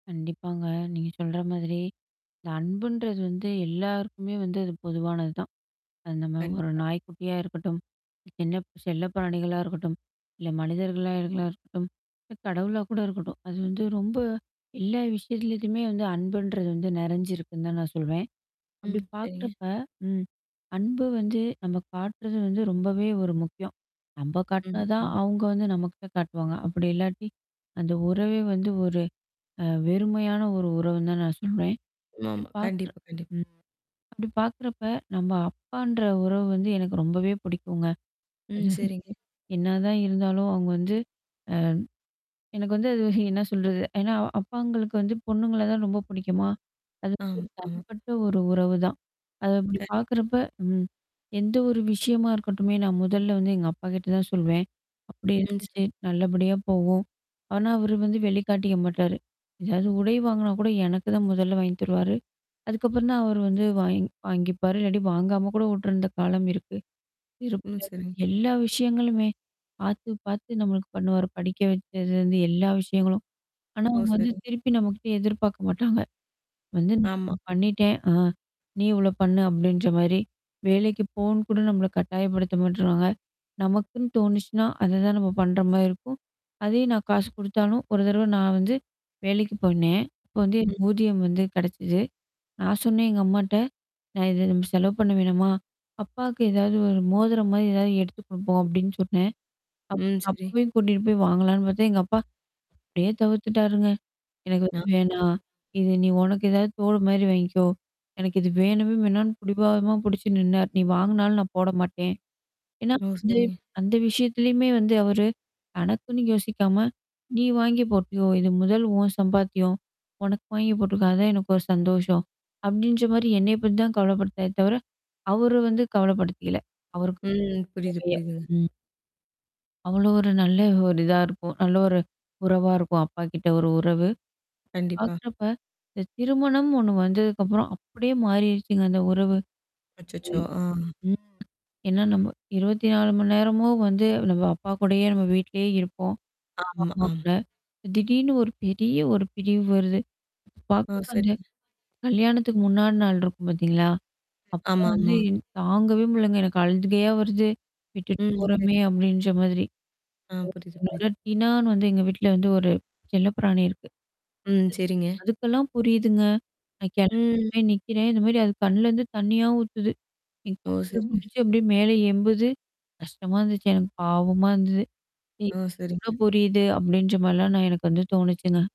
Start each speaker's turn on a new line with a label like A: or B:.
A: கண்டிப்பாங்க. நீங்க சொல்ற மாதிரி, இந்த அன்புன்றது வந்து எல்லாருக்குமே வந்து அது பொதுவானது தான். அந்த [unintelligible] ஒரு
B: கண்டிப்பா.
A: நாய்க்குட்டியா இருக்கட்டும், என்ன செல்ல பிராணிகளா இருக்கட்டும், இல்ல மனிதர்களாகளா ளா இருக்கட்டும். இல்ல கடவுளா கூட இருக்கட்டும். அது வந்து ரொம்ப எல்லா விஷயத்துலயுமே வந்து அன்புன்றது வந்து நெறஞ்சிருக்குன்னு தான் நான் சொல்வேன். அப்பிடி
B: ம். சரிங்க.
A: பாக்கிறப்ப, ம். அன்பு வந்து நம்ம காட்டுறது வந்து ரொம்பவே ஒரு முக்கியம். நம்ப
B: ம்,
A: காட்டுனதான்
B: ம்.
A: அங்க வந்து நம்மகிட்ட காட்டுவாங்க. அப்பிடி இல்லாட்டி, அந்த உறவே வந்து ஒரு அ வெறுமையான ஒரு உறவுன்னு தான் நான் சொல்றேன். அப்பிடி
B: ஆமா
A: பாக்குற
B: கண்டிப்பா, கண்டிப்பா.
A: ம். அப்பிடி பாக்கிறப்ப நம்ம அப்பான்ற உறவு வந்து எனக்கு ரொம்பவே புடிக்குங்க. அ.
B: ம். சரிங்க.
A: என்ன தான் இருந்தாலும் அவுங்க வந்து ஆ எனக்கு வந்து அது என்ன சொல்றது? ஏன்னா அப்பாங்களுக்கு வந்து பொண்ணுங்கள தான் ரொம்ப புடிக்குமா? அது
B: ஆமா,
A: ஒரு
B: ஆமா.
A: தனிப்பட்ட ஒரு உறவுதான். அத அப்பிடி
B: கண்டிப்பா
A: பாக்குறப்ப ம். எந்த ஒரு விஷயமா இருக்கட்டுமே. நான் முதல்ல வந்து எங்க அப்பகிட்ட தான் சொல்வேன். அப்பிடி
B: ம். சரிங்க.
A: இருந்துச்சு. நல்லபடியா போவோம். ஆனா அவரு வந்து வெளிகாட்டிக்க மாட்டாரு. எதாவது உடை வாங்குனா கூட எனக்கு தான் முதல்ல வாங்கி தருவாரு. அதுக்கப்புறம் தான் அவர் வந்து வாங் வாங்கிப்பாரு. இல்லாட்டி வாங்காம கூட விட்டுருந்த காலம் இருக்கு.
B: ம்.
A: செருப்புல இருந்து
B: சரிங்க.
A: எல்லா விஷயங்களுமே. பாத்து, பாத்து நம்மளுக்கு பண்ணுவாரு. படிக்க வச்சதுலருந்து எல்லா விஷயங்களும். ஆனா,
B: ஓ!
A: அவுங்க வந்து
B: சரிங்
A: திருப்பி நம்மக்கிட்ட எதிர்பார்க்க மாட்டாங்க. வந்து
B: ஆமா.
A: நான்
B: ம்.
A: பண்ணிட்டேன். ஆ. நீ இவளோ பண்ணு அப்பிடின்ற மாரி. வேலைக்கு போனுகூட நம்மள கட்டாயப்படுத்த மாட்றாங்க. நமக்குன்னு தோணுச்சுன்னா, அததான் நம்ம பண்றமாரி இருக்கும். அதே நான் காசு குடுத்தாலும் ஒரு தடவ நான் வந்து, வேலைக்கு போனேன். அப்போ வந்து
B: ம்.
A: எனக்கு ஊதியம் வந்து கிடைச்சிச்சு. நான் சொன்னேன் எங்க அம்மாட்ட. "நான் இத த செலவு பண்ண வேணாமா? அப்பாக்கு ஏதாவது, ஒரு மோதிரம்மாரி, ஏதாவது எடுத்து குடுப்போம்" அப்பிடின்னு சொன்னேன். அப்
B: ம். சரி.
A: அப்பவே கூட்டிட்டு போய் வாங்கலான்னு பாத்தேன் எங்க அப்பா. அப்பிடியே தவிர்த்துட்டாருங்க. எனக்கு
B: ஆ.
A: வந்து
B: சரி.
A: வேணாம். இது நீ உனக்கு ஏதாவது தோடுமாரி வாங்கிக்கோ. எனக்கு இது வேணவே வேணான்னு புடிவாதமா புடிச்சு நின்னாரு. நீ வாங்குனாலும் நான் போட மாட்டேன். ஏன்னா
B: ஓ!
A: அந்த
B: சரிங்க.
A: அந்த விஷயத்தலயுமே வந்து அவரு, தனக்குன்னு யோசிக்காம, நீ வாங்கி போட்டியோ! இது முதல் உன் சம்பாத்தியம். உனக்கு வாங்கி போட்டுக்க. அதான் எனக்கு ஒரு சந்தோஷம். அப்பிடின்றமாரி என்ன பத்தி தான் கவலப்பட்டாரே தவிர. அவரு வந்து கவலப்படுத்திக்கல. அவருக்கு
B: ம். புரியுது,
A: [unintelligible]
B: புரியுதுங்க.
A: ம். அவ்ளோ ஒரு நல்ல ஒரு இதா இருக்கும். நல்ல ஒரு உறவா இருக்கும், அப்பாகிட்ட ஒரு உறவு.
B: கண்டிப்பா.
A: பாக்கிறப்ப இந்த திருமணம் ஒண்ணு வந்ததுக்கப்புறம் அப்பிடியே மாறிடுச்சுங்க அந்த உறவு.
B: அச்சச்சோ! ஆ.
A: ம். ஏன்னா நம்ம 24 மணி நேரமும் வந்து நம்ம அப்பாகூடயே நம்ம வீட்லயே இருப்போம்.
B: ஆமா, ஆ.
A: அம்மாகூட. திடீர்னு ஒரு பெரிய ஒரு பிரிவு வருது.
B: ஓ!
A: பாக்கிறப்ப அந்த
B: சரிங்க.
A: கல்யாணத்துக்கு முன்னாடி நாள் இருக்கும் பாத்தீங்களா?
B: ஆமா,
A: அப்பலாம் வந்து
B: ஆமா.
A: தாங்கவே முடிலங்க. எனக்கு அழுகையா வருது. விட்டுட்டு
B: ம். சரி.
A: போறோமே அப்பிடின்ற மாதிரி.
B: ஆ.
A: [unintelligible]
B: புரியுது, புரியுது.
A: என்னோட டினானு வந்து எங்க வீட்ல வந்து ஒரு செல்லப்பிராணி இருக்கு.
B: ம்.
A: [unintelligible]
B: சரிங்க.
A: அதுக்கெல்லாம் புரியுதுங்க. நான்
B: ம்.
A: கெளம்பிருவேன் நிக்கிறேன். இதுமாரி அது கண்லேருந்து தண்ணீயா ஊத்துது. என்
B: ஓ!
A: கால்ல
B: சரிங்க.
A: புடிச்சு அப்பிடியே மேல எம்புது கஷ்டமா இருந்துச்சு. எனக்கு பாவமா இருந்தது. ம்.
B: ஓ!
A: இதுக்கு கூட
B: சரிங்க.
A: புரியுது அப்பிடின்ற மாரிலாம் நான் எனக்கு வந்து தோணுச்சுங்க.